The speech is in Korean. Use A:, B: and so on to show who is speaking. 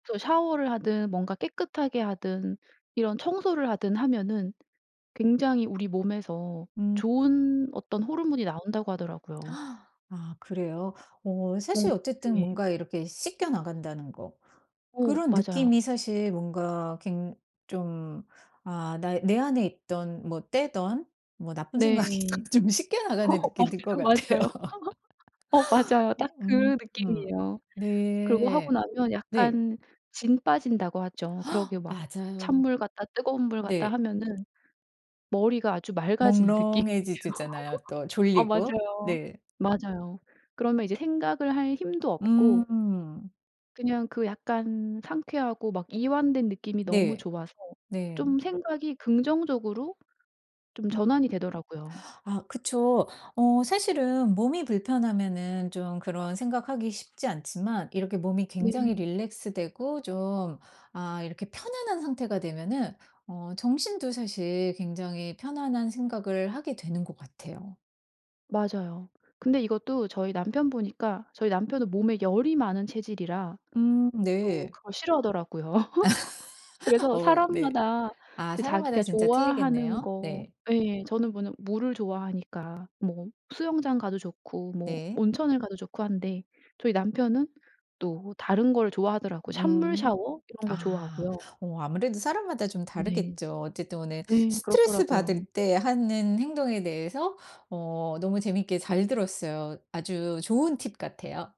A: 저 샤워를 하든 뭔가 깨끗하게 하든 이런 청소를 하든 하면은 굉장히 우리 몸에서
B: 음.
A: 좋은 어떤 호르몬이 나온다고 하더라고요.
B: 아 그래요. 어
A: 뭔
B: 사실 어쨌든
A: 예.
B: 뭔가 이렇게 씻겨 나간다는 거.
A: 어
B: 그런
A: 맞아요.
B: 느낌이 사실 뭔가 굉 좀 아 나 내 안에 있던 뭐 때든 뭐 나쁜
A: 네.
B: 생각이든 좀 씻겨 나가는 느낌이 들 것
A: 맞아요,
B: 같아요.
A: 맞아요. 어 맞아요.
B: 어
A: 딱
B: 음
A: 그
B: 음.
A: 느낌이에요. 그리고 하고
B: 네.
A: 나면
B: 네.
A: 약간 진 빠진다고 하죠. 그렇게 막
B: 맞아요.
A: 찬물 갔다 뜨거운 물 갔다
B: 네.
A: 하면은 머리가 아주 맑아지는 느낌이에요.
B: 몽롱해지지 잖아요. 또
A: 어
B: 졸리고.
A: 맞아요,
B: 네.
A: 맞아요. 그러면 이제 생각을 할 힘도 없고
B: 음.
A: 그냥 그 약간 상쾌하고 막 이완된 느낌이 너무
B: 네.
A: 좋아서
B: 네.
A: 좀 생각이 긍정적으로 좀
B: 음.
A: 전환이 되더라고요.
B: 아 그쵸. 어 사실은 몸이 불편하면은 좀 그런 생각 하기 쉽지 않지만 이렇게 몸이 굉장히
A: 네.
B: 릴랙스 되고 좀 아 이렇게 편안한 상태가 되면은 어 정신도 사실 굉장히 편안한 생각을 하게 되는 것 같아요.
A: 맞아요. 근데 이것도 저희 남편 보니까 저희 남편은 몸에 열이 많은 체질이라
B: 음
A: 또
B: 네.
A: 그걸 싫어하더라고요. 그래서
B: 어 네.
A: 사람마다
B: 아
A: 이제
B: 사람마다
A: 자기가
B: 진짜
A: 좋아하는
B: 틀리겠네요.
A: 거
B: 네.
A: 예 저는 워낙 물을 좋아하니까 뭐 수영장 가도 좋고 뭐
B: 네.
A: 온천을 가도 좋고 한데 저희 남편은 또 다른 걸 좋아하더라고요. 찬물
B: 음.
A: 샤워 이런 거
B: 아
A: 좋아하고요.
B: 어 아무래도 사람마다 좀
A: 네.
B: 다르겠죠. 어쨌든 오늘
A: 예.
B: 스트레스
A: 그렇더라고요.
B: 받을 때 하는 행동에 대해서 어 너무 재밌게 잘 들었어요. 아주 좋은 팁 같아요.